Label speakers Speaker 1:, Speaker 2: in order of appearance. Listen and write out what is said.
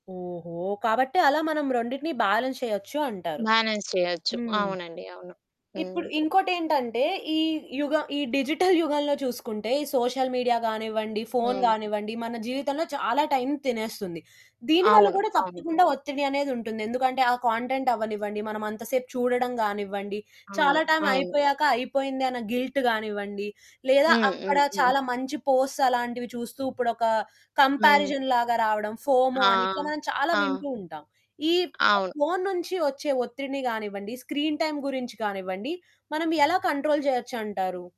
Speaker 1: ఓహో! కాబట్టి అలా మనం రెండిటిని బ్యాలెన్స్ చేయొచ్చు అంటారు.
Speaker 2: బ్యాలెన్స్ చేయొచ్చు.
Speaker 1: హ్మ్.
Speaker 2: అవునండి, అవును. హ్మ్.
Speaker 1: ఇప్పుడు ఇంకోటేంటంటే, ఈ యుగం ఈ డిజిటల్ యుగంలో చూసుకుంటే, ఈ సోషల్ మీడియా గానివ్వండి, ఫోను
Speaker 2: హ్మ్.
Speaker 1: గానివ్వండి, మన జీవితంలో చాలా టైం తినేస్తుంది. దీనివల్ల
Speaker 2: అవును,
Speaker 1: కూడా
Speaker 2: అవును.
Speaker 1: తప్పకుండా ఒత్తిడి అనేదుంటుంది. ఎందుకంటే ఆ కంటెంట్ అవ్వనివ్వండి, మనం అంత సేపు చూడడం గానివ్వండి,
Speaker 2: అవును,
Speaker 1: చాలా టైం
Speaker 2: అవును.
Speaker 1: అయిపోయాక అయిపోయింది అన్న గిల్ట్ గానివ్వండి లేదా
Speaker 2: హ్మ్.
Speaker 1: అక్కడ
Speaker 2: హ్మ్. హ్మ్.
Speaker 1: చాలా మంచి పోస్ట్స్ అలాంటివి చూస్తూ ఇప్పుడు ఒక
Speaker 2: హ్మ్.
Speaker 1: కంపారిజన్ లాగా రావడం, ఫోమో
Speaker 2: ఆ!
Speaker 1: అని ఇట్లా మనం చాలా
Speaker 2: ఆ! ఆ!
Speaker 1: వింటూ ఉంటాం. ఈ
Speaker 2: అవును.
Speaker 1: ఫోను నుంచి వచ్చే ఒత్తిడిని కానివ్వండి, స్క్రీన్ టైమ్ గురించి కానివ్వండి. మనం ఎలా కంట్రోల్ చేయొచ్చు అంటారు?